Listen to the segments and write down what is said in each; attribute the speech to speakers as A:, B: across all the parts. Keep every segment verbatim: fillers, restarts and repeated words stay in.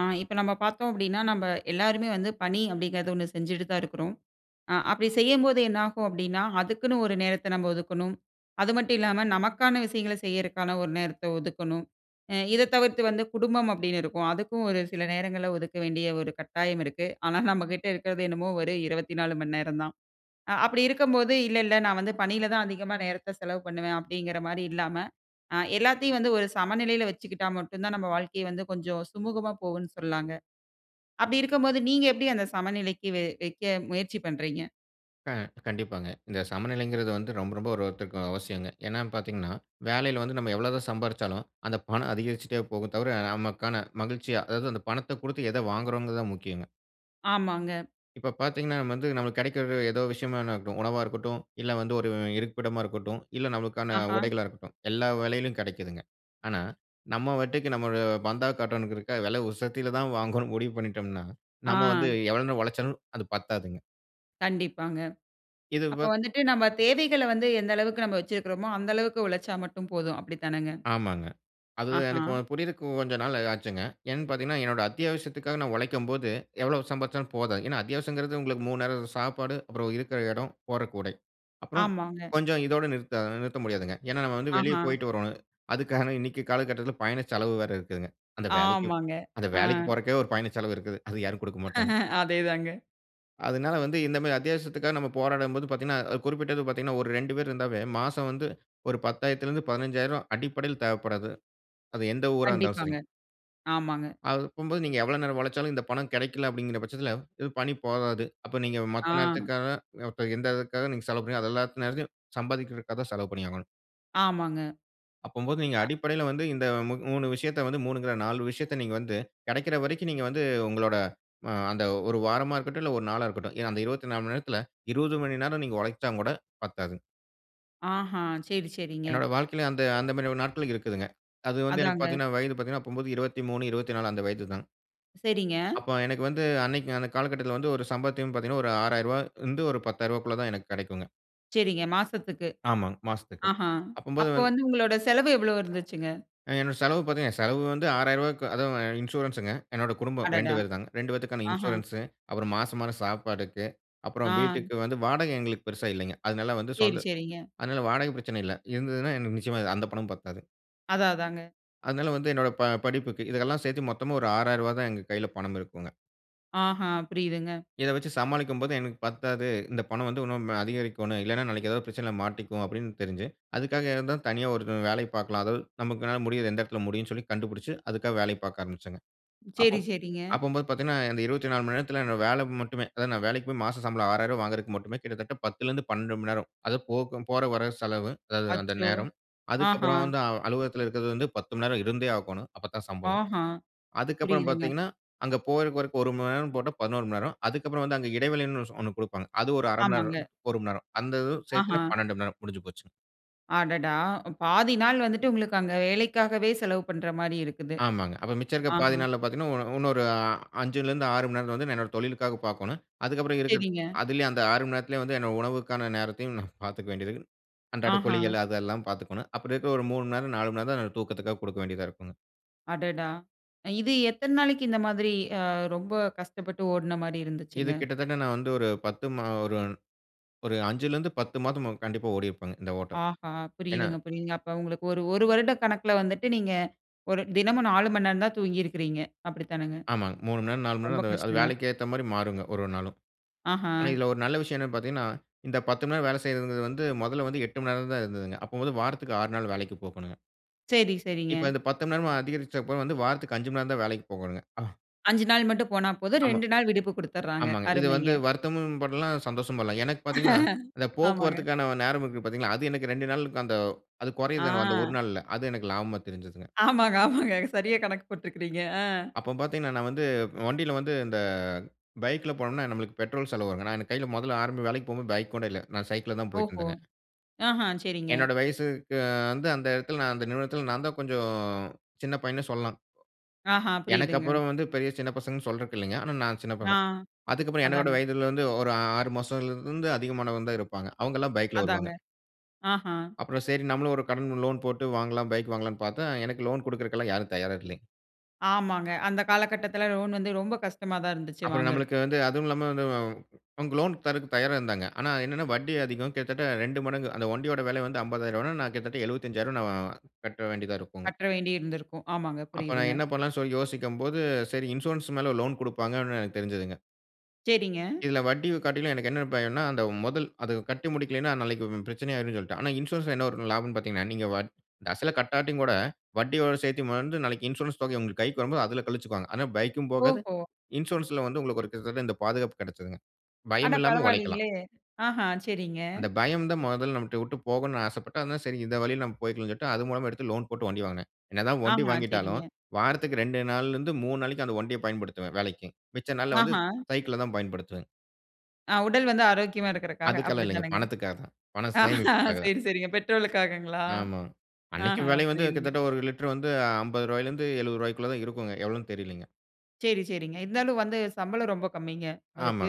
A: அ இப்ப நம்ம பார்த்தோம் அப்டினா நம்ம எல்லாருமே வந்து பணி அப்படிங்கிறது ஒண்ணு செஞ்சுட்டு தான் இருக்கிறோம், ஆ அப்படி செய்யும்போதே என்னாகும் அப்டின்னா, அதுக்குன்னு ஒரு நேரத்தை நம்ம ஒதுக்கணும். அது மட்டும் இல்லாம நமக்கான விஷயங்களை செய்யிறதுக்கான ஒரு நேரத்தை ஒதுக்கணும். அ இதை தவிர்த்து வந்து குடும்பம் அப்படின்னு இருக்கும், அதுக்கும் ஒரு சில நேரங்களில ஒதுக்க வேண்டிய ஒரு கட்டாயம் இருக்கு. ஆனா, நம்ம கிட்ட இருக்கிறது என்னமோ ஒரு iஇருவத்தி நாலு மணி நேரம் தான். அ அப்படி இருக்கும்போது, "இல்ல இல்ல நான் வந்து பணியில தான் அதிகமா நேரத்தை செலவு பண்ணுவேன்" அப்படிங்கிற மாதிரி இல்லாம, அ எல்லாத்தையும் வந்து ஒரு சமநிலையில வச்சுக்கிட்டா மட்டும் தான் நம்ம வாழ்க்கை வந்து கொஞ்சம் சுமூகமாக போகும்னு சொல்லாங்க. அப்படி இருக்கும்போது நீங்க எப்படி அந்த சமநிலைக்கு வை வைக்க முயற்சி பண்றீங்க?
B: அ கண்டிப்பாங்க. இந்த சமநிலைங்கிறது வந்து ரொம்ப ரொம்ப ஒரு ஒருத்தருக்கு அவசியங்க, ஏனா பார்த்தீங்கனா, வேலையில வந்து நம்ம எவ்வளவு சம்பாரிச்சாலும் அந்த பணம் அதிகரிச்சிட்டே போகும் தவிர, நமக்கான மகிழ்ச்சியா அதாவது அந்த பணத்தை கொடுத்து எதை வாங்குகிறோம்கிறது தான் முக்கியங்க.
A: ஆமாங்க.
B: இப்போ பார்த்தீங்கன்னா வந்து நமக்கு கெடைக்கிறது ஏதோ ஒரு விஷயமா இருக்கட்டும், உணவா இருக்கட்டும், இல்லை வந்து ஒரு இருப்பிடமா இருக்கட்டும், இல்லை நமக்கான
A: ஆஹ.
B: உடைகளா இருக்கட்டும், எல்லா வெலையிலும் கெடைக்கிதுங்க. ஆனா, நம்ம வட்டிக்கு நம்ம பந்தா காட்டனுறத்துக்காக விலை உசத்தியில தான் வாங்கனும்னு முடிவு பண்ணிட்டோம்னா, நம்ம
A: ஆ.
B: வந்து எவ்வளவு உழைச்சாலும் அது பத்தாதுங்க.
A: கண்டிப்பாங்க.
B: இது
A: அப்ப
B: வத்
A: வந்துட்டு நம்ப தேவைகள வந்து எந்த அளவுக்கு நாம வச்சிருக்குறோமோ, அந்த அளவுக்கு உழைச்சா மட்டும் போதும் அப்படித்தானங்க?
B: ஆமாங்க. அது எனக்கு
A: அஹ.
B: புரியற்கு கொஞ்சம் நாள் ஆச்சுங்க. ஏன்னு பாத்தீர்ங்கன்னா, என்னோட அத்தியாவசியத்துக்காக நான் உழைக்கும்போது, எவ்வளவு சம்பாதிச்சலும் போதும். ஏன்னா அத்தியாவசியம்ங்குறது உங்களுக்கு மூணு நேரம் அது சாப்பாடு. அப்புறம் இருக்குற இடம், போடறக்கு உடை. அப்புறம்
A: ஆமாங்க.
B: கொஞ்சம் இதோட நிறுத்த நிறுத்த முடியாதுங்க. ஏன்னா நம்ம வந்து வெளிய
A: அஹ!
B: போய்ட்டு வர்றோம். அதுக்காக இன்னிக்கு காலகட்டத்துல பயண செலவு வேற இருக்குங்க. அந்த வேலைக்கு
A: ஆமாங்க.
B: அந்த
A: அ.
B: வேலைக்கு போறக்கே ஒரு பயண செலவு இருக்குது. அது யாரும் குடுக்க மாட்டாங்க.
A: அதே தான்ங்க.
B: அதனால வந்து இந்த மாரி அத்தியாவசியத்துக்காக நம்ம போராடும் போது பாத்தீங்கன்னா, குறிப்பிட்டப்ப பாத்தீங்கன்னா ஒரு ரெண்டு பேர் இருந்தாவே, மாசம் வந்து ஒரு பத்தாயியரத்துலருந்து பதினஞ்சாயிரம்ரூவா அடிப்படையில தேவப்படாது அது எந்த ஊரா இருந்தாலும்
A: கண்டிப்பாங்க,
B: சரிங்.
A: ஆமாங்க.
B: அது போம்போது நீங்க எவ்வள நேரம் உழைச்சாலும், இந்த பணம் கிடைக்கல அப்டிங்குற பச்சத்தில, இ பணி போதாது. அப்ப நீங்க மத்த
A: அ.
B: நேரத்துக்காக இப்ப எந்த இதுக்காக நீங்க செலவு பண்ணு அது எல்லாத்தயும், சம்பாதிகுறதுக்காக தான் செலவு பண்ணியாகணும்.
A: ஆமாங்க.
B: அப்பம்போது, நீங்க
A: அ
B: அடிப்படையில வந்து இந்த மு மூணு விஷயத்த வந்து, மூணுங்க இல்ல நாலு விஷயத்த நீங்க வந்து, கிடைக்கிற வரைக்கும் நீங்க வந்து, உங்களோட அ அந்த ஒரு வாரமா இருக்கட்டும், இல்லை ஒரு நாளா இருக்கட்டும். ஏன்னா அந்த இருவத்தி நாலு மணி நேரத்துல, இருவது மணி நேரம் நீங்க உழைச்சாங்கூட பத்தாது.
A: ஆஹ! சரி, சரிங்க.
B: என்னோட வாழ்க்கைல அந்த அந்த மாதிரி நாட்கள் இருக்குதுங்க. அது வந்து எனக்கு
A: அதாங்க.
B: பார்த்தீங்கனா வயது பார்த்தீங்கனா அப்போ இருவத்தி மூணு, இருவத்தி நாலு அந்த வயது தான்.
A: சரிங்க.
B: அப்ப எனக்கு வந்து அன்னைக்கு அந்த காலகட்டத்தில வந்து ஒரு சம்பாத்தையும் பார்த்தீங்கனா ஒரு ஆறாயிரம் இருந்து பத்தாயிர ரூபாகுள்ள தான் எனக்கு கிடைக்குங்க.
A: சரிங்க, மாசத்துக்கு,
B: ஆமா. மாசத்துக்கு,
A: அஹ.
B: அப்பம்போது
A: அப்போ
B: வந்
A: வந்து உங்களோட செலவு எவ்ளோ இருந்துச்சுங்க?
B: அ என்னுடைய செலவு பார்த்தீங்கனா செலவு வந்து ஆறாயிரம் ரூபாக்கு அது இன்சூரன்ஸ்ங்க, என்னோட குடும்பம் இரண்டு
A: அடடா!
B: பேர் தாங்க, இரண்டு பேத்துக்கான
A: அஹ.
B: இன்சூரன்ஸ், அப்புறம் மாசம் மாசம் சாப்பாடுக்கு, அப்புறம்
A: அ.
B: வீட்டுக்கு வந்து வாடகை எங்களுக்கு பெரிசா இல்லைங்க, அதனால வந்து
A: சரி,
B: சொந்த
A: சரிங்க.
B: அதனால வாடக பிரச்சன இல்ல, இருந்ததுனா எனக்கு நிச்சயமா அந்த பணமும் பத்தாது.
A: அதான், அதாங்க.
B: அதனால, வந்து என்னோட ப படிப்புக்கு இதெல்லாம் சேர்த்து மொத்தமா ஒரு ஆறாயிரம் ரூபா தான் எங்க கைல பணம் இருக்குங்க.
A: அஹ, புரியுதுங்க.
B: இத வெச்சு சமாளிக்கும்போது எனக்கு பத்தாது, "இந்த பணம் வந்து இன்னும் அதிகரிக்கணும், இல்லைனா நாளைக்கு ஏதாவது பிரச்சனையில மாட்டிக்குவோம்" அப்படின்னு தெரிஞ்சு, அதுக்காக தனியா ஒரு வேலை பார்க்கலாம், அதாவது நமக்கு என்னால முடியது எந்த இடத்தில முடியும்னு சொல்லி கண்டுபிடிச்சு, அதுக்காக வேலை பார்க்க ஆரம்பிச்சேங்க. அப்போ
A: சரி, சரிங்க.
B: அப்போம்போது பார்த்தீங்கன்னா இந்த இருவத்தி நாலு மணி நேரத்தில என்ன வேலை மட்டுமே, அதாவது நான் வேலைக்கு போய் மாச சம்பளம் ஆறாயிரம் ரூபா வாங்றதற்கு மட்டுமே, கிட்டத்தட்ட பத்துல இருந்து பன்னெண்டு மணி நேரம், அது போக போற வர செலவு, அதாவது அந்த
A: அச்சோ!
B: நேரம்,
A: அஹ.
B: அதுக்கப்புறம் வந்து அலுவலகத்தில இருக்கிறது வந்து பத்து மணி நேரம் இருந்தே ஆகணும். அப்ப தான் சம்பளம்,
A: அஹ.
B: அதுக்கு அப்புறம்
A: புரியுதுங்க.
B: பார்த்தீங்கன்னா, அங்கு போற வரைக்கும் ஒரு மணி நேரம் போட்டா பதினோரு மணி நேரம், அதற்கு அப்புறம் வந்து அங்க இடைவெளினு ஒன்னு கொடுப்பாங்க, அது ஒரு அரை மணி
A: ஆமாங்க.
B: நேரம், ஒரு மணி நேரம். அந்த சேர்த்து
A: அஹ.
B: பன்னெண்டு மணி நேரம். முடிஞ்சு போச்சுங்.
A: அடடா! பாதி நாள் வந்துட்டு உங்களுக்கு அங்க வேலைக்காகவே செலவு பண்ற மாரி இருக்குது.
B: ஆமாங்க, அப்போ மிச்சம் இருக்க பாதி
A: அஹ.
B: நாள்ல பாத்தீங்கன்னா, உ உன்னொரு அஞ்சுலருந்து ஆறு மணி நேரத்துல வந்து நான் என்னோட தொழிலுக்காக பாக்கோணும். அதுக்கப்புறம் இருக்கிறது
A: சரிங்க.
B: அதிலேயே அந்த ஆறு மணி நேரத்துலயே வந்து என்னோ உணவுக்கான நேரத்தையும் நான் பாத்துக்க வேண்டிருக்கு, அன்றாட
A: அஹா.
B: கோழிகள் அதெல்லாம் பாத்துக்கணும். அப்படி இருக்க ஒரு மூணு மணி நேரம் நாலு மணி நேரம் தான் நான் தூக்கத்துக்காக குடுக்க வேண்டியதா இருக்குங்க.
A: அடடா! இது எத்தன நாளைக்கு இந்த மாதிரி அ ரொம்ப கஷ்டப்பட்டு ஓடின மாரி
B: இது
A: இருந்துச்சுங்க?
B: கிட்டத்தட்ட நான் வந்து ஒரு பத்து மா ஒரு ஒரு அஞ்சுலிருந்து பத்து மாதம் கண்டிப்பா ஓடிருப்பேங்க. இந்த ஓட்டம்.
A: ஆஹா,
B: ஏன்னா
A: புரியுதுங்க புரியுதுங்க. அப்போ உங்களுக்கு ஒரு ஒரு வருட கணக்குல வந்துட்டு நீங்க ஒரு தினமும் நாலு மணி நேரந்தான் தூங்கிருக்கிறீங்க, அப்படித்தானங்க?
B: ஆமாங்க, மூணு மணி நேரம், நாலு மணி
A: ரொம்ப
B: நேரம் அந்த அது
A: கஷ்டங்க.
B: வேலைக்கு ஏற்ற மாரி மாறுங்க, ஒரு ஒரு நாளும். ஆனா
A: அஹ.
B: இதில ஒரு நல்ல விஷயம் என்னான்னு பாத்தீங்கன்னா, இந்த பத்து மணி நேரம் வேலை செய்வதுங்றது வந்து, மொதல்ல வந்து எட்டு மணி நேரம் தான் இருந்ததுங்க. அப்போ வந்து வாரத்துக்கு ஆறு நாள் வேலைக்கு போகனுங்க.
A: சரி, சரிங்க.
B: இப்ப இந்த பத்து மணி நேரமா அதிகரிச்சப்ப வந்து, வாரத்துக்கு அஞ்சு மணி நேரம் தான் வேலைக்கு போகனுங்க.
A: அஞ்சு நாள் மட்டும் போனா போதும்.
B: ஆமா.
A: ரெண்டு நாள் விடுப்பு குடுத்துர்றாங்க.
B: ஆமாங்க. இது
A: அருமைங்க.
B: வந்து வருத்தமும் படலாம், சந்தோஷம் படலாம். எனக்கு பாத்தீங்கன்னா, இந்த
A: ஆமாங்க.
B: போக்குவரத்துக்கான நேரம் இருக்கு பாரத்தீங்களா, அது எனக்கு இரண்டு நாளுக்கு அந்த. அது குறையுது அந்த ஒரு
A: அ.
B: நாள்ல. அது எனக்கு லாபமா தெரிஞ்சுதுங்க.
A: ஆமாங்க, ஆமாங்க. சரியாக கணக்கு போட்ருக்கிறீங்க. அ.
B: அப்போ பாத்தீங்கன்னா, நான் வந்து வண்டில வந்து இந்த பைக்கில போனோன்னா, நம்மளுக்கு பெட்ரோல் செலவு வருங்க. நான் என் கைல மொதல்ல ஆரம்ப வேலைக்கு போம்போது பைக் கூட இல்ல. நான் சைக்கிள்ல தான்
A: ஓஹோ,
B: போயிட்டுருந்தேங்க.
A: அஹ, சரிங்க.
B: என்னோட வயசுக்கு வந்து, அந்த இடத்துல நான் அந்த நிறுவனத்தல நான் தான் கொஞ்சம் சின்ன பையன்ன்னு சொல்லாம்.
A: அஹா,
B: எனக்கு
A: புரியுதுங்க.
B: அப்புறம் வந்து பெரிய சின்ன பசங்கன்னு சொல்றக்கு இல்லங்க. ஆனா நான் சின்ன
A: அ,
B: பசங் அதுக்கப்புறம் என்ன விட
A: அதாங்க.
B: வயதில வந்து ஒரு ஆறுமாசம்லருந்து அதிகமானவங்க தான் இருப்பாங்க. அவுங்களாம் பைக்ல
A: அதாங்க,
B: வருவாங்க.
A: அஹா.
B: அப்புறம் சரி நம்மளும் ஒரு கடன் லோன் போட்டு வாங்கலாம் பைக் வாங்கலான்னு பாத்தா, எனக்கு லோன் குடுக்குறகுல்லாம் யாரும் தயாரா இல்லங்க.
A: ஆமாங்க. அந்த காலகட்டத்துல லோன் வந்து, ரொம்ப கஷ்டமா தான் இருந்துச்சு,
B: அப்புறம்
A: வாங்கறக்கு.
B: நம்மளுக்கு வந்து அதுவும் இல்லாம வந்து அவங்க. லோன் தர்றதுக்கு தயாரா இருந்தாங்க. ஆனா என்னன்னா, வட்டி அதிகம் கிட்டத்தட்ட. ரெண்டு மடங்கு, அந்த வண்டியோட வெல வந்து அம்பதாயிர் ரூவான்னா, நான் கிட்டத்தட்ட எழுவத்தஞ்சாயிரம் கட்ட வேண்டியதா இருக்குங்க.
A: கற்ற வேண்டிருந்திருக்கும். ஆமாங்க.
B: அப்ப நான்
A: புரிதுங்க.
B: என்ன பண்ணலான்னு சொல்லி யோசிக்கும் போது, சரி இன்சூரன்ஸ் மேல லோன் குடுப்பாங்க அப்டினு எனக்கு தெரிஞ்சதுங்க.
A: சரிங்க.
B: இதுல வட்டியு காட்டியும் எனக்கு என்ன பயம்ன்னா, அந்த மொதல். அத கட்டி முடிக்கலைன்னா, நாளைக்கு பிரச்சனை ஆயிரும்னு சொல்லிட்டு. ஆனா இன்சூரன்ஸ்ல என்ன ஒரு லாபம்ன்னு பார்த்தீங்கன்னா, நீங்க வட் அசல கட்டாட்டியுங்கூட வட்டியோட சேர்த்து வந்து நாளைக்கு, இன்சூரன்ஸ் தொகை உங்க கைக்கு வரும்போது, அதுல கழிச்சுக்வாங்க. ஆனா பைக்கும் போகாது.
A: ஓஹோ!
B: இன்சூரன்ஸ்ல வந்து உங்களுக்கு ஒரு கிட்டத்தட்ட இந்த பாதுகாப்பு கெடச்சதுங்க.
A: அட
B: பயம் இல்லாம உழைக்கலாம்.
A: பரவால்லீங்ளே, அஹ! சரிங்க.
B: அந்த பயம் தான் மொதல்ல நம்மள்ட்ட விட்டு போகனுன்னு ஆசைப்பட்டேன். சரி இந்த வழில நாம் போய்க்கலாம்ன்னு சொல்லிட்டு, அதன் மூலமா எடுத்து லோன் போட்டு வண்டி வாங்கினேன். என்ன தான் வண்டி
A: அஹ,
B: வாங்கிட்டாலும்
A: சரிங்க.
B: வாரத்துக்கு ரெண்டு நாள்ல இருந்து மூணு நாளைக்கு, அந்த வண்டிய பயன்படுத்துவேன். வேலைக்கு. மிச்ச நாள்ல வந்து
A: அஹ.
B: சைக்கிள தான் பயன்படுத்துவேன்.
A: அ உடல் வந்து ஆரோக்கியமா இருக்கறக்காக!
B: அதுக்காகல்லாம்
A: அப்டி
B: இல்லங்க.
A: தானங்க?
B: பணத்துக்காக தான். பணம்
A: அ,
B: சேமிப்புக்காக தான்.
A: சரி சரிங்க பெட்ரோலுக்காகங்களா?
B: ஆமா. அன்னைக்கி
A: அஹ.
B: வெல வந்து
A: புரியுதுங்க.
B: கிட்டத்தட்ட ஒரு லிட்டர் வந்து அம்பது ரூபாய்லருந்து எழுவது ரூபாய்க்குள்ள தான் இருக்குங்க. எவ்வளவுன்னு தெரியலைங்க.
A: சரி, சரிங்க. இருந்தாலும் வந்து சம்பளம் ரொம்ப கம்மிங்க. அதுக்கு
B: ஆமா,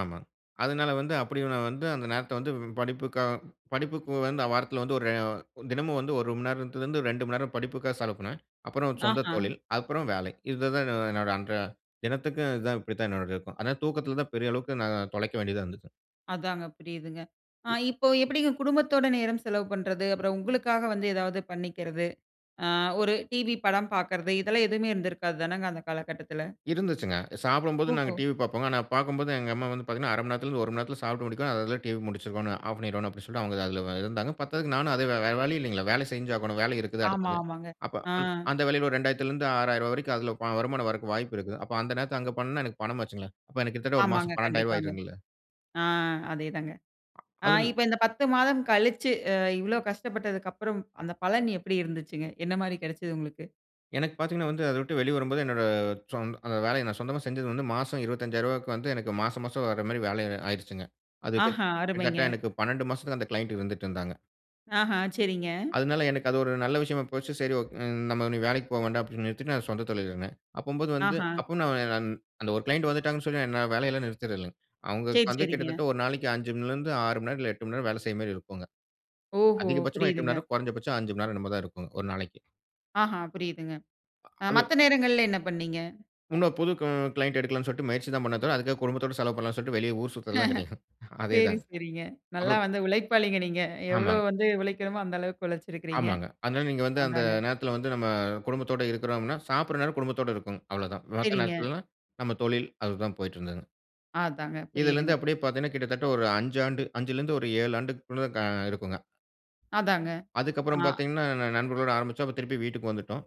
B: ஆமா. அதனால வந்து, அப்படி நான் வந்து, அந்த நேரத்த வந்து படிப்புக்காக படிப்புக்கு வந்து வாரத்துல வந்து ரெ ஒரு தினமும் வந்து ஒரு மணி நேரத்துலருந்து ரெண்டு மணி நேரம் படிப்புக்காக செலவுப்பண்ணேன். அப்புறம் சொந்த
A: அஹ!
B: தொழில். அப்புறம் வேலை. இதுதான் என்னோட அன்ற தினத்துக்கு இதுதான், இப்படித்தான் என்னோடது இருக்கும். அதனால தூக்கத்துல தான் பெரிய அளவுக்கு நான் தொலைக்க வேண்டியதா இருந்துச்சு.
A: அதாங்க புரியுதுங்க. அ, இப்போ எப்புடிங்க குடும்பத்தோட நேரம் செலவு பண்றது, அப்பறம் உங்களுக்காக வந்து ஏதாவது பண்ணிக்கிறது, அ ஒரு டிவி படம் பாக்குறது, இதெல்லாம் எதுவுமே இருந்திருக்காது தானங்க அந்த காலகட்டத்துல.
B: இருந்துச்சுங்க. சாப்புடும்போது நாங்க
A: ஓஹோ!
B: டிவி பாப்போங்க. ஆனா, பாக்கும்போது எங்க அம்மா வந்து பாத்தீங்கன்னா, "அரை மணி நேரத்துல இருந்து ஒரு மணி நேரத்துல சாப்பிட்டு முடிக்கணும். அதுல டிவி முடிச்சிருக்கோணும். ஆஃப் பண்ணிறோணும்" அப்டீன்னு சொல்லிட்டு, அவங்க அதுல இருந்தாங்க. பத்தாதுக்கு நானும் அதே வே வேற வழி இல்லைங்கள. வேல செஞ்சாகணும். வேல இருக்குது
A: ஆமா,
B: அடுத்தது.
A: ஆமாங்க.
B: அப்ப
A: அ.
B: அந்த வேலைல ரெண்டாயிரத்துல இருந்து ஆறாயிரரூவா வரைக்கும் அதுல வ வருமானம் வரக்கு வாய்ப்பு இருக்கு. அப்ப அந்த நேரத்துல அங்க பண்ணுனா எனக்கு பணம் ஆச்சுங்களே. அப்ப எனக்கு கிட்டத்தட்ட ஒரு
A: ஆமாங்க.
B: மாசம் பன்னெண்டு ஆயிரம்
A: கண்டிப்பாங்க.
B: ஆயிருந்துங்கல.
A: அ. அதே தாங்க. அ
B: அது
A: இப்ப இந்த பத்து மாதம் கழிச்சு அ இவ்ளோ கஷ்டப்பட்டதுக்கப்பறம் அந்த பலன் எப்படி இருந்துச்சுங்க? என்ன மாரி கெடச்சது உங்களுக்கு?
B: எனக்கு பாத்தீங்கன்னா வந்து அத விட்டு வெளிய வரும்போது என்னோட சொந் அந்த வேலைய நான் சொந்தமா செஞ்சது வந்து மாசம் இருவத்திஅஞ்சாயிரம் ரூவாக்கு வந்து எனக்கு மாசம் மாசம் வர்ற மாரி வேலை ஆயிருச்சுங்க. அது
A: ஆஹா!
B: கிட்டத்தட்ட
A: அருமைங்க.
B: எனக்கு பன்னெண்டு மாசத்துக்கு அந்த க்ளையன்ட் இருந்துட்டு இருந்தாங்க.
A: அஹ! சரிங்க.
B: அதனால எனக்கு அது ஒரு நல்ல விஷயமா போச்சு. "சரி ஓக் நம்ம இனி வேலைக்கி போக வேண்டாம்" அப்டீன்னு நிறுத்திட்டு, நான் சொந்த தொழில்ல இருந்தேன். அப்பம்போது வந்து
A: அஹ!
B: அப்பவும் ந நான் அந்த ஒரு க்ளையன்ட் வந்துட்டாங்கன்னு சொல்லி நான் என் வேலையெல்லாம் நிறுத்துறதில்ல. அவுங்க
A: சரி,
B: வந்து
A: சரிங்க.
B: கிட்டத்தட்ட ஒரு நாளைக்கு அஞ்சு மணில இருந்து ஆறு மணி நேரம் இல்ல எட்டு மணி நேரம் வேலை செய்ற மாரி இருக்குங்க.
A: ஓஹோ!
B: அதிகபட்சமா எட்டு மணி
A: புரியுதுங்க.
B: நேரம், குறைந்தபட்சம் அஞ்சு மணி நேரம், என்னமோ தான் இருக்கும். ஒரு நாளைக்கி!
A: அஹ! புரியிதுங்க. அ
B: அது.
A: மத்த நேரங்கள்ல என்ன பண்ணீங்க?
B: இன்னும் புது கு க்ளையன்ட் எடுக்கலாம்னு சொல்ட்டு முயற்சி தான் பண்ணனே தவிர, அதுக்காக குடும்பத்தோட செலவு பண்ணலாம்னு சொல்லிட்டு வெளிய ஊர் சுத்துறது எல்லாம் கெடையாது. அதே
A: சரி,
B: தாங்க.
A: சரிங்க. நல்லா
B: அப்பறம்
A: வந்து உழைப்பாளிங்க நீங்க. எவ்ளோ
B: ஆமாங்க.
A: வந்து உழைக்கணுமோ அந்த அளவுக்கு உழைச்சிருக்குறீங்க.
B: ஆமாங்க. அதனால நீங்க வந்து அந்த
A: அதாங்க.
B: நேரத்துல வந்து நம்ம, குடும்பத்தோட இருக்குறோம்னா, சாப்புட்ற நேரம் குடும்பத்தோடு இருக்கும். அவ்ளோதான். மத்த
A: சரிங்க.
B: நேரத்துல, நம்ம தொழில். அதுதான் போயிட்டுருந்ததுங்க.
A: அதாங்க. புரியிதுங்க.
B: இதிலிருந்து அப்டீயே பாத்தீங்கன்னா கிட்டத்தட்ட ஒரு அஞ்சு ஆண்டு அஞ்சுலிருந்து ஏழு ஆண்டுகுள்ள க இருக்குங்க.
A: அதாங்க. அ.
B: அதுக்கப்பறம் பாத்தீங்கன்னா ந நண்பர்களோடு ஆரம்பிச்சோம். திருப்பி வீட்டுக்கு வந்துட்டோம்.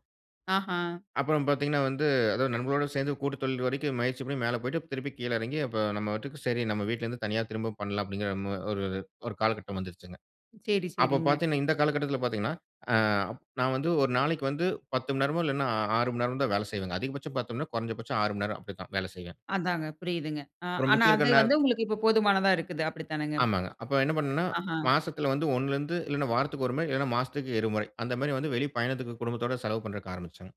A: அஹ.
B: அப்புறம் பாத்தீங்கன்னா வந்து அதாவது நண்பர்களோடு சேர்ந்து கூட்டு தொழில் வரைக்கும் முயற்சி பண்ணி மேல போய்ட்டு திருப்பி கீழ எறங்கி அப்ப "நம்ம வாட்டுக்கு சரி நம்ம வீட்ல இருந்து தனியா திரும்ப பண்ணலாம்" அப்டீங்குற ம் ஒரு காலகட்டம் வந்துருச்சுங்க.
A: சரி,
B: அப்போ
A: சரிங்க.
B: பாத்தீங்கன்னா இந்த காலகட்டத்தில பாத்தீங்கன்னா. அ, நான் வந்து ஒரு நாளைக்கு வந்து பத்து மணி நேரமோ இல்லைன்னா ஆறு மணி நேரமோ தான் வேலை செய்வேன். அதிகபட்சம் பத்து மணி நேரம் கொறஞ்ச பட்சம் ஆறு மணி நேரம். அப்புடி தான். வேலை செய்வேன்.
A: அதாங்க. புரியிதுங்க. அ
B: அப்பறம்
A: ஆனா
B: மிச்சம்
A: அது
B: இருக்குற நேர
A: வந்து உங்களுக்கு இப்போ போதுமானதா இருக்குது, அப்படித்தானங்க?
B: ஆமாங்க. அப்போ என்ன பண்னோம்னா,
A: அஹ.
B: மாசத்துல வந்து ஒண்ணுலருந்து இல்லன்னா வாரத்துக்கு ஒரு முறை இல்லன்னா மாசத்துக்கு இரு முறை அந்த மாரி வந்து வெளி பயணத்துக்கு குடும்பத்தோட செலவு பண்றக்கு ஆரம்பிச்சேங்க.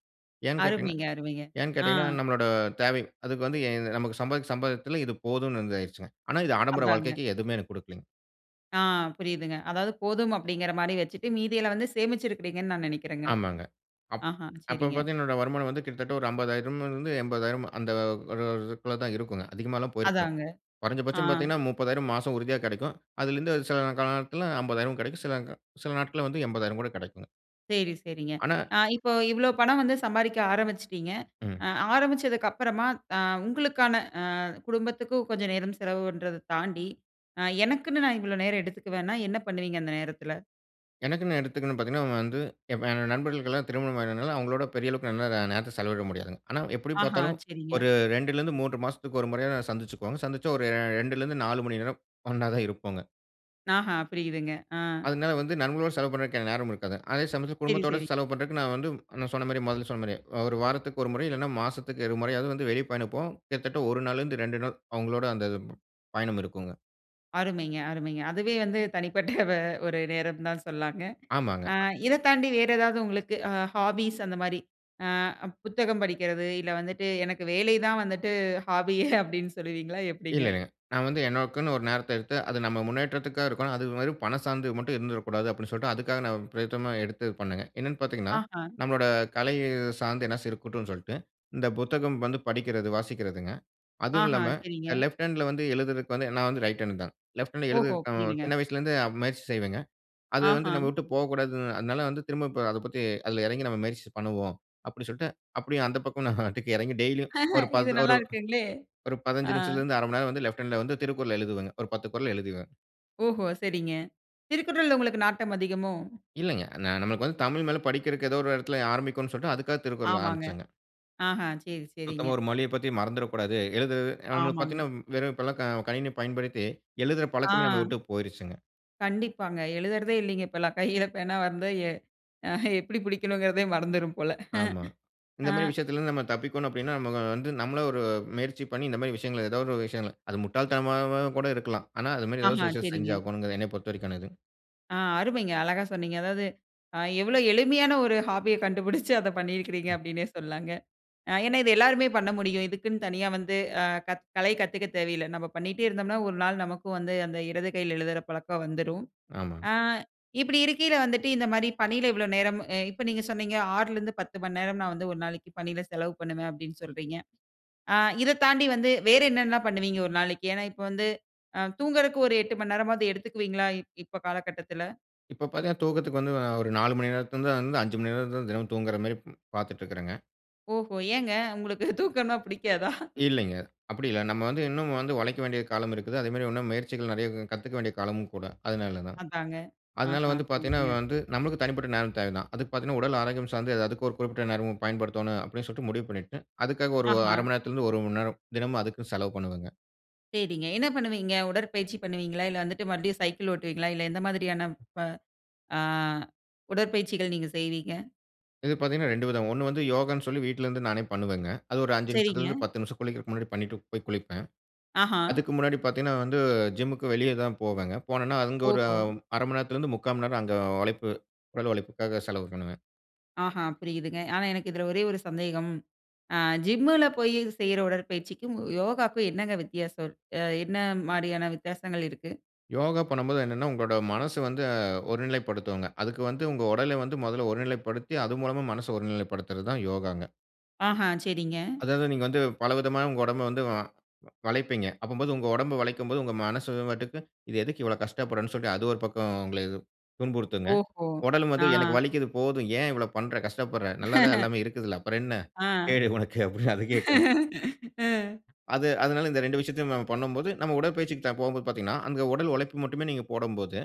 B: ஏன்னு கேட்டீங்கன்னா
A: அருமைங்க, அருமைங்க!
B: ஏன்னு
A: அ.
B: கேட்டீங்கன்னா நம்மளோட தேவை, அதுக்கு வந்து எ இ நமக்கு சம்பாதி சம்பாதியத்துல இது போதும்னு உண்டாயிருச்சுங்க. ஆனா இது ஆடம்பர
A: அதாங்க.
B: வாழ்க்கைக்கு எதுவுமே எனக்கு கொடுக்கலேங்க.
A: அ புரியுதுங்க. அதாவது போதும் அப்படிங்கிற மாரி வச்சுட்டு மீதில வந்து சேமிச்சு இருக்கிறீங்கனு நா நெனைக்கிறேங்க.
B: ஆமாங்க. அப்
A: அஹ
B: அப்ப
A: சரிங்க.
B: பார்த்தீங்கனா என்னோட வருமானம் வந்து கிட்டத்தட்ட ஒரு அம்பதாயிரம் இருந்து எம்பதாயிரம் அந்த ஒரு இதுக்குல்ல தா இருக்குங்க. அதிகமலா போயிருக்காதுங்க.
A: அதாங்க. அ.
B: குறஞ்சபட்ச பாத்தீங்கனா முப்பதாயிரம் மாச உறுதியா கெடைக்கும். அதிலிருந்து சில காலத்தில அம்பதாயிரம் கெடைக்கும். சில க சில நாட்கள்ல வந்து எம்பதாயிரம் கூட கெடைக்குங்க.
A: சேரி சேரிங்க.
B: ஆனா.
A: அ இப்போ இவ்வளோ பணம் வந்து சம்பாரிக்க அரம்பிச்சுட்டீங்க.
B: ம்.
A: அ அரம்பிச்சதுக்கு அப்புறமா, அ உங்களுக்கான, அ குடும்பத்திக்கு கொஞ்ச நேரம் செலவு பண்றத தாண்டி, அ எனக்குன்னு நா இவ்ளோ நேர எடுத்துக்குவேனா என்ன பண்ணுவீங்க அந்த நேரத்தில?
B: எனக்குனு எடுத்துக்குனு பாத்தீங்கனா வந்து ஏ நண்பர்களுக்கெல்லாம் திருமணம் ஆனதால அவங்களோட பெரிய அளவுக்கு நேரத்த செலவிட முடியாதுங்க. ஆனா எப்படி
A: அஹ,
B: பார்த்தாலும்,
A: சரிங்க.
B: ஒரு ரெண்டில இருந்து மூணு மாசத்துக்கு ஒரு முறையாவது சந்துசுக்குவோங்க. சந்திச்சா ஒரு ரெண்டுலருந்து நாலு மணி நேரம் ஒண்ணா தான் இருப்போங்க.
A: அஹ, புரியுதுங்க அ.
B: அதனால வந்து நண்பர்களோடு செலவு பண்றதுக்கு நேரம் இருக்காதுங்க. அதே சமயத்தில
A: சேரி,
B: குடும்பத்தோட
A: சேரி.
B: செலவு பண்றதுக்கு நா வந்து நா சொன்ன மாரி முதல்ல சொன்ன மாரி, அ ஒரு வாரத்துக்கு ஒரு முறை இல்லைனா மாசத்திக்கு இரு முறையாவது வெளிய பயண போவோம். கிட்டத்தட்ட ஒரு நாள்ல இருந்து ரெண்டு நாள் அவங்களோட அந்த பயணம் இருக்குங்க.
A: அருமைங்க, அருமைங்க. அதுவே வந்து தனிப்பட்ட ஒரு நேரம்னு தா சொல்லாங்க. அ
B: ஆமாங்க.
A: இத தாண்டி வேற ஏதாவது உங்களுக்கு அ ஹாபிஸ் அந்த மாரி அ புத்தகம் படிக்கிறது, இல்ல வந்துட்டு, எனக்கு வேலை தான் வந்துட்டு ஹாபி அப்டினு சொல்வீங்களா? எப்டிங்க?
B: இல்லங்க. நா வந்து எனக்குனு ஒரு நேரத்த எடுத்து, அது நம்ம முன்னேற்றத்திற்கா இருக்கணும். அது மாரி பண சார்ந்து மட்டும் இருந்துடக்கூடாது அப்படினு சொல்லிட்டு அதுக்காக நா பிரயேத்தமா எடுத்து பண்ணேங்க. என்னனு பாத்தீங்கனா,
A: அஹ.
B: நம்முடைய கலை சார்ந்து என்னாச்சி இருக்கட்டுனு சொல்ட்டு, இந்த புத்தகம் வந்து படிக்கிறது, வாசிக்கிறதுங்க.
A: அஹ,
B: அதுவுமில்லாம
A: சரிங்க.
B: லெஃப்ட் ஹேண்ட்ல வந்து எழுதுறதுக்கு வந்து நா வந்து ரைட் ஹேண்ட் தா. லெஃப்ட் ஹேண்ட்ல
A: ஓஹோ!
B: எழுதுறதுகு
A: புரியுதுங்க.
B: சின்ன வயசிலிருந்தே முயற்சி செய்வேங்க. அது வந்து நம்ம
A: அஹ.
B: விட்டு போகக்கூடாது அதனால வந்து திரும்ப அத பத்தி அதில எறங்கி நம்ம முயற்சி பண்ணுவோம். அப்படி சொல்ட்டு அப்படியு அந்த பக்கம் எறங்கி டெய்லியும் ஒரு
A: இது
B: பத்
A: நல்லா
B: ஒரு
A: இருக்குங்களே!
B: ஒரு
A: அ.
B: பதினஞ்சு நிமிஷத்தில இருந்து அர மணி நேர வந்து லெஃப்ட் ஹேண்ட்ல வந்து திருக்குறள் எழுதுவங்க. ஒரு பத்து குறள் எழுதுவேன்.
A: ஓஹோ! சரிங்க. திருக்குறள்ல உங்களுக்கு நாட்டம் அதிகமோ?
B: இல்லைங்க. நா நமக்கு வந்து தமிழ் மேல படிக்கிறக்கு ஏதோ ஒரு எடத்துல ஆரம்பிக்கும்னு சொல்லிட்டு அதுக்காக திருக்குறள்
A: ஆமாங்க.
B: ஆரம்பிச்சங்க.
A: அ, அஹ! செரி, செரிங்க.
B: சுத்தமா ஒரு மொழிய பத்தி மறந்துறக்கூடாது. எழுதுறது நமக்கு
A: ஆமாங்க.
B: பாத்தீங்கன்னா வெறும் இப்பல்லாம் க கணினி பயன்படுத்தி, எழுதுற பழக்கமே நம்மள
A: அ.
B: வுட்டு போயிருச்சுங்க.
A: கண்டிப்பாங்க. எழுதுறதே இல்லீங்க இப்போலாம். கையில பேனா வந்து எ எப்பிடி பிடிக்கணுங்குறதே மறந்துரும் போல.
B: ஆமா. இந்த
A: அ.
B: மாரி விஷயத்துல இருந்து நம்ம தப்பிக்கோணும் அப்டீன்னா, நம்ம வந்து, நம்மள ஒரு முயற்சி பண்ணி இந்த மாரி விஷயங்கள ஏதாவது ஒரு விஷயங்கள். அது முட்டாள் தனமாம கூட இருக்கலாம். ஆனா அது மாரி ஏதாவது
A: அஹ.
B: ஒரு விஷயத்த
A: செரிங்க.
B: செஞ்சாகோணுங்குறது என்ன பொறுத்தவரைக்கனது.
A: அ, அருமைங்க. அழகா சொன்னீங்க. அதாவது, அ எவ்ளோ எளிமையான ஒரு ஹாபிய கண்டுபுடிச்சு. அத பண்ணிருக்கிறீங்க அப்டீன்னே சொல்லலாங்க. அ ஏன்னா, இத எல்லாருமே பண்ண முடியும். இதுக்குன்னு தனியா வந்து அ க கலை கத்துக்க தேவையில்ல. நம்ம பண்ணிட்டே இருந்தோம்னா ஒரு நாள் நமக்கு வந்து அந்த இடது கையில எழுதுற பழக்கம் வந்துரும்.
B: ஆமாங்க.
A: அ, இப்பிடி இருக்கீல வந்துட்டு, இந்த மாரி பணில இவ்வளோ நேரம் அ, இப்ப நீங்க சொன்னீங்க ஆறுலா இருந்து பத்து மணி நேரம் நான் வந்து ஒரு நாளைக்கு பணில செலவு பண்ணுவேன் அப்டீன்னு சொல்றீங்க. அ, இதத் தாண்டி வந்து வேறு என்னென்ன பண்ணுவீங்க ஒரு நாளைக்கு? ஏன்னா இப்போ வந்து, அ தூங்குறதுக்கு ஒரு எட்டு மணி நேரமாவது எடுத்துக்குவீங்களா, இப்போ காலகட்டத்துல?
B: இப்ப பாத்தீங்கன்னா, தூக்கத்துக்கு வந்து, ஒரு நாலு மணி நேரத்துலருந்து அஞ்சு மணி நேரம் தினமும் தூங்குற மாதிரி பாத்துட்டுருக்கறங்க.
A: ஓஹோ! ஏங்க உங்களுக்கு தூக்கம்ன்னா புடிக்காதா?
B: இல்லைங்க. அப்டி இல்ல நம்ம வந்து இன்னும் வந்து உழைக்க வேண்டிய காலம் இருக்குது. அதே மாரி இன்னும் முயற்சிகள் நறைய கத்துக்க வேண்டிய காலம் கூட, அதுனால தான்.
A: அதாங்க.
B: அதுனால
A: அஹ,
B: வந்து பாத்தீங்கன்னா
A: புரிதுங்க.
B: வந்து, நம்மளுக்கு தனிப்பட்ட நேரம் தேவ தான். அதுக்கு பாத்தீங்கன்னா உடல் ஆரோக்கியம் சார்ந்து அதுக்கு ஒரு குறிப்பிட்ட நேரம் பயன்படுத்தோணும், அப்டின்னு சொல்ட்டு முடிவு பண்ணிட்டு, அதுக்காக ஒரு அர
A: அஹ.
B: மணி நேரத்துலருந்து ஒரு மணி நேரம். தினமும் அதுக்குன்னு செலவு பண்ணுவேங்க.
A: சேரிங்க என்ன பண்ணுவீங்க? உடற்பயிற்சி பண்ணுவீங்ளா? இல்ல வந்துட்டு மறுபடியும் சைக்கிள் ஓட்டுவீங்ளா? இல்ல எந்த மாதிரியான ப அ, உடற்பயிற்சிகள் நீங்க செய்வீங்க?
B: இது பாத்தீங்கன்னா ரெண்டு விதம். ஒண்ணு வந்து யோகான்னு சொல்லி வீட்லருந்து நானே பண்ணுவேங்க. அது ஒரு அஞ்சு
A: சேரிங்க.
B: நிமிஷத்துலருந்து, பத்து நிமிஷம் குளிக்கறதுக்கு முன்னாடி பண்ணிட்டு போய் குளிப்பேன்.
A: அஹ.
B: அதுக்கு முன்னாடி பாத்தீங்கன்னா வந்து, ஜிம்முக்கு வெளிய தான் போவேங்க போனன்னா, அங்க ஒரு
A: ஓஹோ!
B: அர மண்நேரத்துலருந்து, முக்கா மணிநேரம் அங்க உழைப்பு உடல் உழைப்புக்காக செலவு பண்ணுவேன்.
A: ஆஹா புரியுதுங்க! ஆனா எனக்கு இதுல ஒரே ஒரு சந்தேகம். அ ஜிம்முல போயி செய்ற உடற்பயிற்சிக்கும் யோகாக்கும் என்னங்க வித்தியாசம் இருக் என்ன மாரியான வித்தியாசங்கள் இருக்கு?
B: யோகா பண்ணும்போது என்னன்னா, உங்களோட மனசு வந்து ஒருநிலைப்படுத்துங்க. அதுக்கு வந்து உங்க உடல வந்து மொதல்ல ஒருநிலைப்படுத்தி, அது மூலமா மனச ஒருநிலைப்படுத்துறது தான் யோகாங்க!
A: அஹ! சரிங்க.
B: அதாவது நீங்க வந்து பலவிதமா உங்க உடம்ப வந்து, வ வளைப்பீங்க. அப்பம்போது உங்க உடம்ப வளைக்கும்போது உங்க மனசு வாட்டுக்கு, இது எதுக்கு இவ்வளவு கஷ்டப்படும்னு சொல்ட்டு அது ஒரு பக்கம் உங்கள துன்புறுத்துங்க.
A: ஓஹோ!
B: உடலும் வந்து எனக்கு
A: அ.
B: வலிக்குது போதும், ஏன் இவ்வளவு பண்ற கஷ்டப்படுற நல்லா தான் எல்லாமே இருக்குதுல அப்றம் என்ன,
A: அ
B: கேடு உனக்கு அப்டின்னு அது கேக்குங்க.
A: ம்.
B: அது அதுனால இந்த ரெண்டு விஷயத்தையும் நம்ம பண்ணும்போது, நம்ம உடற்பயிற்சிக்கு போம்போது பாத்தீங்கன்னா, அங்க உடல் உழைப்பு மட்டுமே நீங்க போடும்போது,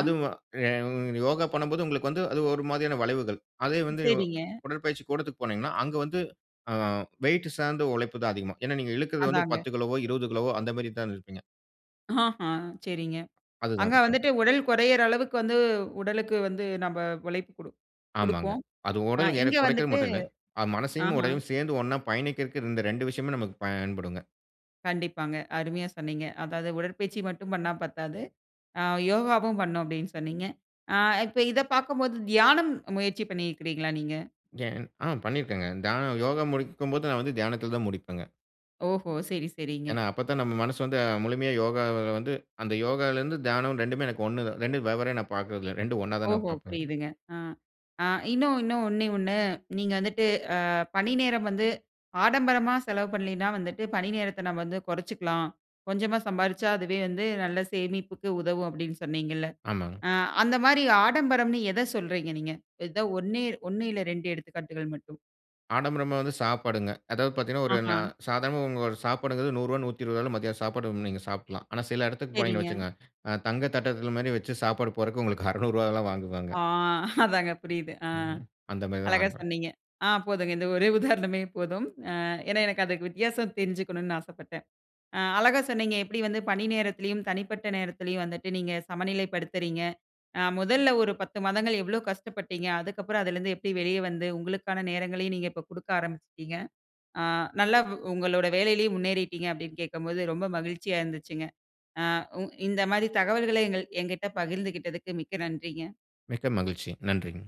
B: அது உங்க யோகா பண்ணும்போது உங்களுக்கு வந்து அது ஒரு மாரியான வளைவுகள். அதே வந்து
A: சரிங்க.
B: உடற்பயிற்சி கூடத்துக்கு போனீங்கன்னா, அங்க வந்து, அ வெயிட்டு சார்ந்த உழைப்பு தான் அதிகமா ஏன்னா நீங்க இழுக்குறது வந்து
A: அதாங்க.
B: பத்து கிலோவோ இருவது கிலோவோ. அந்த மாரி தான் இழுப்பீங்க.
A: அஹ, சரிங்க.
B: அதுதான்
A: அங்க
B: விஷயம்.
A: வந்துட்டு உடல் குறையுற அளவுக்கு வந்து, உடலுக்கு வந்து நம்ப உழைப்பு குடு
B: ஆமாங்க.
A: குடுப்போம்.
B: அது
A: அ
B: உடல் எடை
A: இங்க
B: குறைக்கறது
A: வந்துட்டு,
B: மட்டும் இல்ல, அ மனசையும்
A: அஹ.
B: உடலையும் சேர்ந்து ஒன்னா பயணிக்கறதுக்கு இந்த ரெண்டு விஷயமே நமக்கு பயன்படுங்க.
A: கண்டிப்பாங்க, அருமையா சொன்னீங்க! அதாவது "உடற்பயிற்சி மட்டும் பண்ணா பத்தாது, அ யோகாவும் பண்ணும்." அப்டின்னு சொன்னீங்க. அ இப்ப இத பாக்கும்போது, தியானம் முயற்சி பண்ணிருக்கீங்களா நீங்க?
B: [unintelligible] அ, பண்ணிருக்கிறேங்க. தியானம் யோகா முடிக்கும்போது நான் வந்து தியானத்துல தான் முடிப்பங்க.
A: ஓஹோ! செரி, செரிங்க.
B: ஏன்னா அப்பத்தான் நம்ம மனசு வந்து முழுமையா யோகால வந்து, அந்த யோகாலருந்து தியானம் ரெண்டுமே எனக்கு ஒன்னு தான், ரெண்டு வெவ்வேற நான் பாக்குறது இல்ல ரெண்டு ஒன்னா தான் நான்
A: ஓஹோ!
B: பாப்பேங்க.
A: புரியுதுங்க, அ. இன்னும் இன்னும் ஒண்ணே, ஒண்ணு. நீங்க வந்துட்டு அ பணி நேரம் வந்து ஆடம்பரமா செலவு பண்லன்னா வந்துட்டு பணி நேரத்த நம்ம வந்து கொறச்சுக்கலாம். கொஞ்சமா சம்பாரிச்சா அதுவே வந்து நல்ல சேமிப்புக்கு உதவும் அப்டின்னு சொன்னீங்கல்ல.
B: ஆமாங்க.
A: அ அந்த மாரி ஆடம்பரம்னு எத சொல்றீங்க நீங்க. ஏதோ ஒன்னே, ஒண்ணு இல்ல ரெண்டு எடுத்துக்காட்டுகள் மட்டும்.
B: ஆடம்பரமா வந்து சாப்பாடுங்க. அதாவது பாத்தீங்கன்னா, ஒரு நா
A: ஆஹ.
B: சாதாரணமா உங்க ஒரு சாப்பாடுங்கறது நூறு ரூபா நூற்று இருபது ரூபால மத்தியான சாப்பாடு நீங்க சாப்டலாம். ஆனா சில எடத்துக்கு போனீங்கன்னு
A: சரிங்க.
B: வச்சுக்கோங்க, அ தங்க தட்டத்துல மாரி வச்சு சாப்பாடு போறதுக்கு உங்களுக்கு அறநூறு ரூபாலாம் வாங்குவாங்க
A: ஆ அதாங்க புரிது அ.
B: ம் அந்த மாரி தான்
A: அழகா
B: ஆடம்பரம்.
A: சொன்னீங்க. ஆ போதும்ங்க இந்த ஒரே உதாரணமே போதும். அ ஏன்னா எனக்கு அது வித்தியாசம் தெரிஞ்சுக்கணும்னு ஆசப்பட்டேன். அ அழகா சொன்னீங்க எப்டி வந்து பணி நேரத்துலயும் தனிப்பட்ட நேரத்துலயும் வந்துட்டு நீங்க சமநிலைப்படுத்துறீங்க. அ முதல்ல ஒரு பத்து மாதங்கள் எவ்ளோ கஷ்டப்பட்டீங்க, அதுக்கப்புறம் அதுலருந்து எப்டி வெளிய வந்து உங்களுக்கான நேரங்களையும் இப்ப குடுக்க ஆரம்பிச்சிட்டீங்க. அ நல்ல உங்களோட வேலையிலயும் முன்னேறிட்டீங்க அப்டின்னு கேட்கும்போது, ரொம்ப மகிழ்ச்சியா இருந்துச்சுங்க. அ உ இந்த மாரி தகவல்கள எங்க எங்கட்ட பகிர்ந்துகிட்டதுக்கு மிக்க நன்றிங்க.
B: மிக்க மகிழ்ச்சி நன்றிங்க.